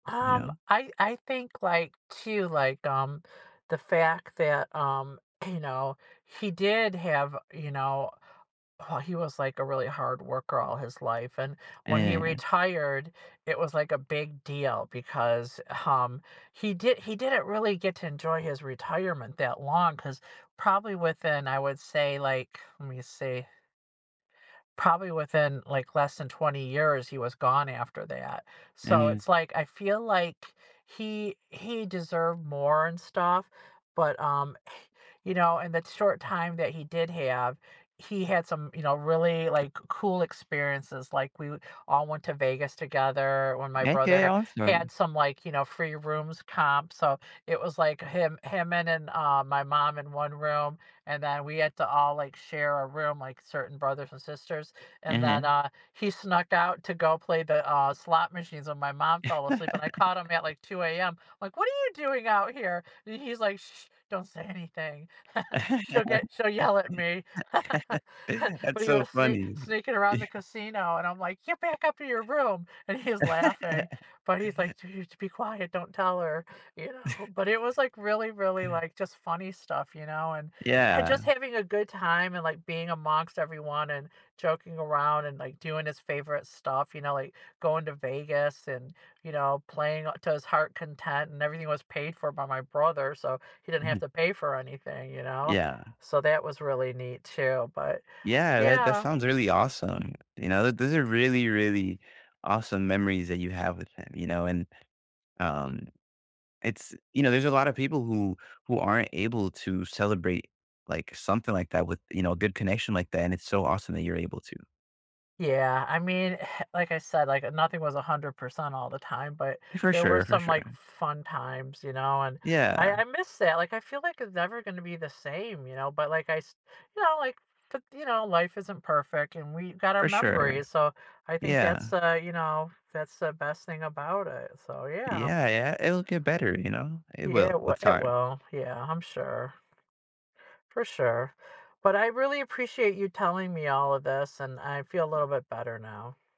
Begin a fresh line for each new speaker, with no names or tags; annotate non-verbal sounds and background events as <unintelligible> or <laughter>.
You
Um,
know?
I I think, like, too, like, um, the fact that, um, you know, he did have, you know Oh, he was, like, a really hard worker all his life, and when he
<unintelligible>
retired, it was like a big deal because, um, he did he didn't really get to enjoy his retirement that long 'cause probably within, I would say, like, lemme see probably within, like, less than 20 years, he was gone after that. So, it's
<unintelligible>
like I feel like he he deserved more and stuff, but, um, you know, in that short time that he did have, he had some, you know, really, like, cool experiences, like, we w all went to Vegas together when my
Okay,
brother had
awesome.
some, like, you know, free rooms comped, so it was like him him and and, uh, my mom in 1 room, and then, we had to all, like, share a room, like, certain brothers and sisters, and then,
Uh-huh.
uh, he snuck out to go play the, uh, slot machines when my mom fell asleep, and I caught him at,
<laughs>
like, 2 AM, like, "What are you doing out here?" And, he's like, <shushes> "Don't say anything." <laughs> "She'll get she'll yell at me." <laughs>
<laughs> That's
But, he
so
was sne
funny.
sneaking around the casino, and I'm like, "Get
<chuckles>
back up to your room!" And, he's laughing, but he's
<laughs>
like, "You need to be quiet, don't tell her," you know. But, it was like
<chuckles>
really, really, like, just funny stuff, you know, and and
Yeah.
just having a good time, and, like, being amongst everyone, and joking around, and, like, doing his favorite stuff, you know, like, going to Vegas and, you know, playing a to his heart content, and everything was paid for by my brother, so he didn't have
Uh-huh.
to pay for anything, you know?
Yeah.
So that was really neat, too, but,
Yeah, that that
yeah
sounds really awesome, you know, th those are really, really awesome memories that you have with him, you know, and, um, it's you know, there's a lotta people who who aren't able to celebrate, like, something like that with you know, a good connection like that, and it's so awesome that you're able to.
Yeah, I mean, like I said, like, uh, nothing was 100% all the time, but
For
there were
sure, for
some, like,
sure.
fun times, you know, and I
Yeah.
I miss that, like, I feel like it's never gonna be the same, you know, but, like, I s you know, like, t you know, life isn't perfect, and we got our
For sure.
memories, so I think that's,
Yeah.
uh, you know that's the best thing about it, so, yeah.
Yeah, yeah, it'll get better, you know? It
Yeah, it
will
wi
with
it
time.
will. Yeah, I'm sure. For sure. But, I really appreciate you telling me all of this, and I feel a little bit better now.